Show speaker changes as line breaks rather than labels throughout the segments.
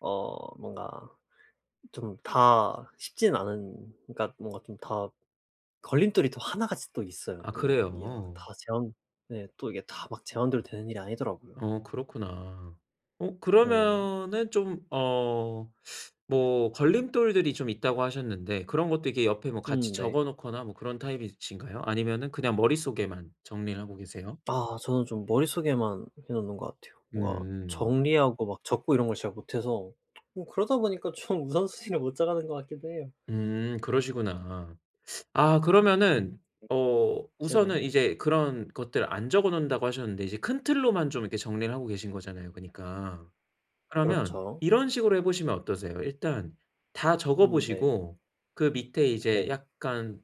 어 뭔가 좀 다 쉽지는 않은 그러니까 뭔가 좀 다 걸림돌이 또 하나같이 또 있어요,
아
또. 이게 막
그래요?
다 제 맘 네 또 이게 다 막 제 맘대로 되는 일이 아니더라고요.
어 그렇구나. 어
네.
그러면은 좀 어 뭐 걸림돌들이 좀 있다고 하셨는데 그런 것도 이렇게 옆에 뭐
음
같이
네.
적어놓거나 뭐 그런 타입이신가요? 아니면은 그냥 머릿속에만 정리를 하고 계세요?
아 저는 좀 머릿속에만 해 놓는 것 같아요. 뭔가
음.
정리하고 막 적고 이런 걸 잘 못해서 뭐 그러다 보니까 좀 우선순위를 못 정하는 것 같기도 해요.
음 그러시구나. 아
음.
그러면은
[unintelligible]
어
네네.
우선은 이제 그런 것들 안 적어 놓는다고 하셨는데 이제 큰 틀로만 좀 이렇게 정리를 하고 계신 거잖아요 그니까. 그러면
그렇죠.
이런 식으로 해 보시면 어떠세요? 일단 다 적어
음 네.
보시고 그 밑에 이제
네.
약간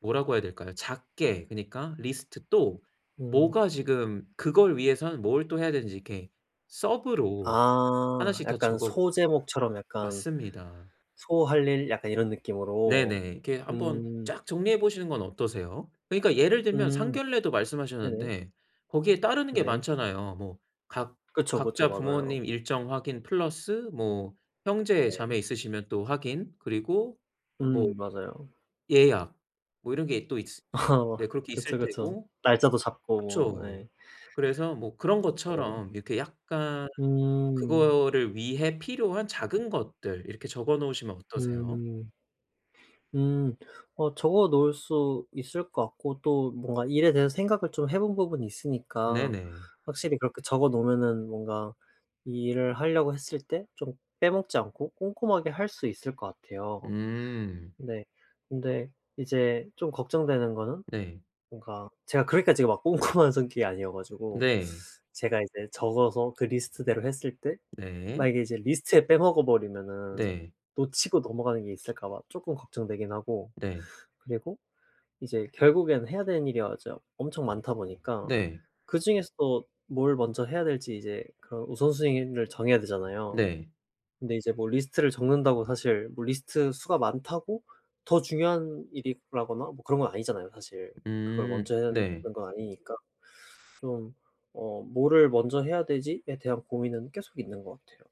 뭐라고 해야 될까요? 작게 그니까 리스트 또
음.
뭐가 지금 그걸 위해서는 뭘 또 해야 되는지 이렇게 서브로
아
하나씩 다
약간
적어
소제목처럼 약간
맞습니다.
소할 일 약간 이런 느낌으로.
네네. 이렇게 한번
음.
쫙 정리해 보시는 건 어떠세요? 그니까 예를 들면
음.
상견례도
네네.
말씀하셨는데 거기에 따르는 게
네.
많잖아요. 뭐 각
그쵸, 그쵸.
각자 부모님
맞아요.
일정 확인 플러스 뭐 형제자매
네.
있으시면 또 확인 그리고 뭐
음 맞아요.
예약 뭐 이런 게 또 있
어
네 그렇게
그쵸,
있을
그쵸.
테고.
날짜도 잡고,
그쵸.
예.
그래서 뭐 그런
알아요.
것처럼 이렇게 약간
음.
그거를 위해 필요한 작은 것들 이렇게 적어 놓으시면 어떠세요?
음. 음. 어 적어 놓을 수 있을 것 같고 또 뭔가 일에 대해서 생각을 좀 해 본 부분이 있으니까
네네.
확실히 그렇게 적어 놓으면은 뭔가 이 일을 하려고 했을 때 좀 빼먹지 않고 꼼꼼하게 할 수 있을 것 같아요.
음.
네. 근데 이제 좀 걱정되는 거는
네.
뭔가 제가 그렇게까지 막 꼼꼼한 성격이 아니어 가지고
네.
제가 이제 적어서 그 리스트대로 했을 때
네.
만약에 이제 리스트에 빼먹어 버리면은
네.
놓치고 넘어가는 게 있을까 봐 쪼끔 걱정되긴 하고
네.
그리고 이제 결국에는 해야 되는 일이 아 이제 아 엄청 많다 보니까
네.
그중에서도 뭘 먼저 해야 될지 이제 그 우선순위를 정해야 되잖아요.
네.
근데 이제 뭐 리스트를 적는다고 사실 뭐 리스트 수가 많다고 더 중요한 일이라거나 뭐 그런 건 아니잖아요, 사실 그걸
음
먼저 해야 하는
네.
건 아니니까. 좀 어 뭐를 먼저 해야 되지에 대한 고민은 계속 있는 것 같아요.